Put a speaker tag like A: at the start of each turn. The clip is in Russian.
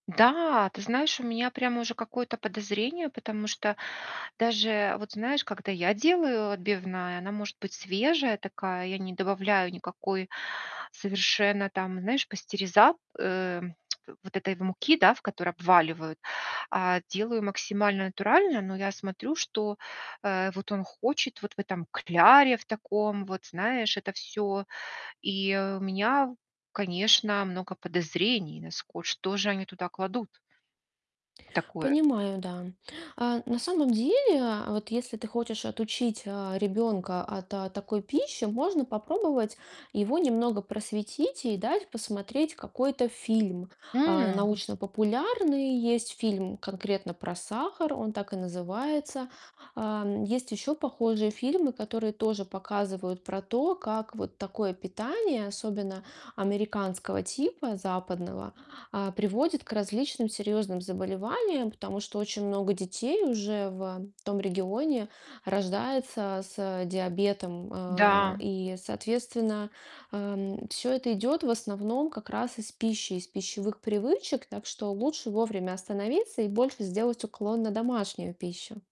A: Да, ты знаешь, у меня прямо уже какое-то подозрение, потому что даже вот, знаешь, когда я делаю отбивная, она может быть свежая такая. Я не добавляю никакой совершенно там, знаешь, пастериза э, вот этой муки, да, в которой обваливают, а делаю максимально натурально. Но я смотрю, что, э, вот он хочет вот в этом кляре в таком. Вот, знаешь, это всё. И у меня, конечно, много подозрений на ско Что же они туда кладут такое?
B: Понимаю, да. А, на самом деле, а вот если ты хочешь отучить, э, ребенка от, а, такой пищи, можно попробовать его немного просветить и дать посмотреть какой-то фильм. А,
A: М.
B: научно-популярный есть фильм конкретно про сахар, он так и называется. А, м, есть еще похожие фильмы, которые тоже показывают про то, как вот такое питание, особенно американского типа, западного, а, приводит к различным серьезным заболеваниям. Потому что очень много детей уже в том регионе рождается с диабетом. А,
A: Да.
B: и, соответственно, а, м, всё это идет в основном как раз из пищи, из пищевых привычек. Так что лучше вовремя остановиться и больше сделать уклон на домашнюю пищу.